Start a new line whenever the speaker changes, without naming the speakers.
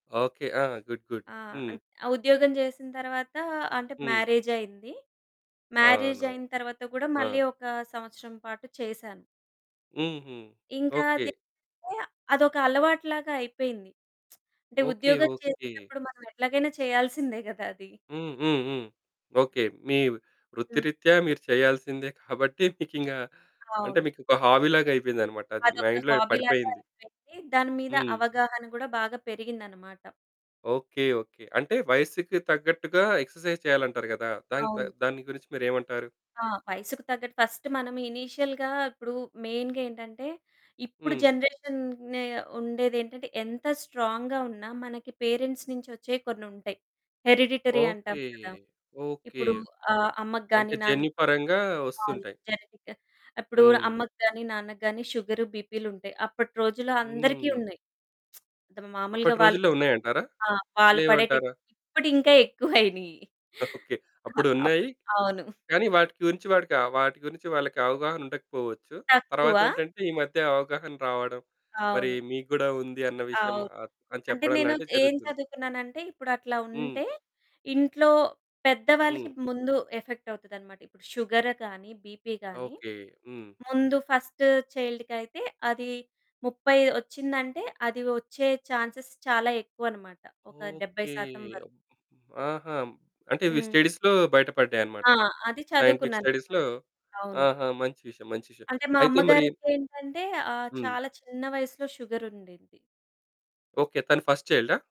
Okay. ఆ! Good. Good.
ఆ!
హ్మ్.
అద్ ఆ ఉద్యోగం చేసిన తర్వాత అంటే,
హ్మ్.
మ్యారేజైంది.
అవును,
మ్యారేజైన తర్వాత కూడా
ఆ!
మళ్ళీ ఒక సంవత్సరం పాటు చేశాను.
హ్మ్. హ్మ్.
ఇంకా
ఓకె.
అది [unintelligible] అదొక అలవాటులాగా అయిపోయింది. అంటే
ఓకె.
ఉద్యోగం
ఓకె.
చేసేటప్పుడు మనం ఎట్లాగైనా చేయాల్సిందే గద అది.
హ్మ్. హ్మ్. హ్మ్. ఓకె. మీ
హ్మ్.
వృత్తిరీత్యా మీరు చేయాల్సిందే కాబట్టి, మీకింగా అంటే,
అవును.
మీకు ఒక హాబీ లాగా అయిపోయిందన్నమాట అది.
అదొక
మైండ్‌లో
హాబీ లాగా
పడిపోయింది.
అయిపోయింది. దాని మీద
హ్మ్.
అవగాహన కూడా బాగా పెరిగిందనమాట.
ఓకె. ఓకె. అంటే వయస్సుకు తగ్గట్టుగా ఎక్సర్సైజ్ చేయాలంటారు కదా! దానికి దా
అవును.
దాని గురించి మీరేమంటారు?
ఆ! వయసుకు తగ్గట్టు ఫర్స్ట్ మనము ఇనీషియల్‌గా ఇప్పుడు మెయిన్‌గా ఏంటంటే, ఇప్పుడు
హ్మ్.
జనరేషన్ నె ఉండేదేంటంటే, ఎంత స్ట్రాంగ్‌గా ఉన్నా మనకి పేరెంట్స్ నుంచొచ్చేవి కొన్నుంటాయి. హెరిడిటరీ అంటాం
ఓకె.
కదా!
ఓకె.
ఇప్పుడు ఆహ్, అమ్మకి
అంటే,
గాని, నాన్న
జన్యుపరంగా
అవును
వొస్తుంటాయి.
జెనెటిక్. అప్పుడు
హ్మ్.
అమ్మకి గాని, నాన్నకు గాని సుగరు, బీపీలుంటాయి. అప్పటి రోజుల్లో అందరికి
హ్మ్.
ఉన్నాయి. మాములుగా
అప్పటి
వాళ్ళు
రోజుల్లో ఉన్నాయంటారా?
ఆ! వాళ్ళు పడేటి
లేవంటారా?
ఇప్పుడు ఇంకా ఎక్కువైనాయి.
ఓకె.
అ అప్
అప్పుడున్నాయి.
అవును.
కానీ వాటి గురించి వాటికా వాటి గురించి వాళ్ళకి అవగాహన ఉండకపోవచ్చు.
తక్కువ.
తర్వాత ఏంటంటే, ఈ మధ్య అవగాహన రావడం, మరి
అవును.
మీకు గూడా ఉంది అన్న విషయం
అవును.
అ అని
అంటే
చెప్పడం
నేను
లాంటిది
ఏం
జరుగుతుంది.
చదువుకున్నానంటే, ఇప్పుడు అట్లా
హ్మ్.
ఉంటే, ఇంట్లో పెద్దవాళ్ళకి
హ్మ్.
ముందు ఎఫెక్ట్ అవుతాదన్నమాట. ఇప్పుడు షుగర్ గాని, బీపీ గాని,
ఓకె. హ్మ్.
ముందు ఫర్స్ట్ చైల్డ్‌కి అయితే, అది 30 వొచ్చిందంటే, అది వచ్చే చాన్సెస్ చాలా ఎక్కువన్నమాట. ఒక డెబ్బై
ఓకె.
శాతం వరకు.
అబ్ ఆహా! అంటే, ఇవి
హ్మ్.
స్టడీస్‌లో బయటపడ్డాయనమాట.
ఆ! అది
సైంటిఫిక్
చదువుకున్నాననమాట.
స్టడీస్‌లో,
అవును.
ఆహా! మంచి విషయం, మంచి విషయం.
అంటే, మా
అయితే మరి
అమ్మగారికి ఏంటంటే, ఆహ్,
హ్మ్.
చాలా చిన్న వయస్సులో షుగర్ ఉండింది.
ఓకె. తను ఫర్స్ట్ చైల్డా?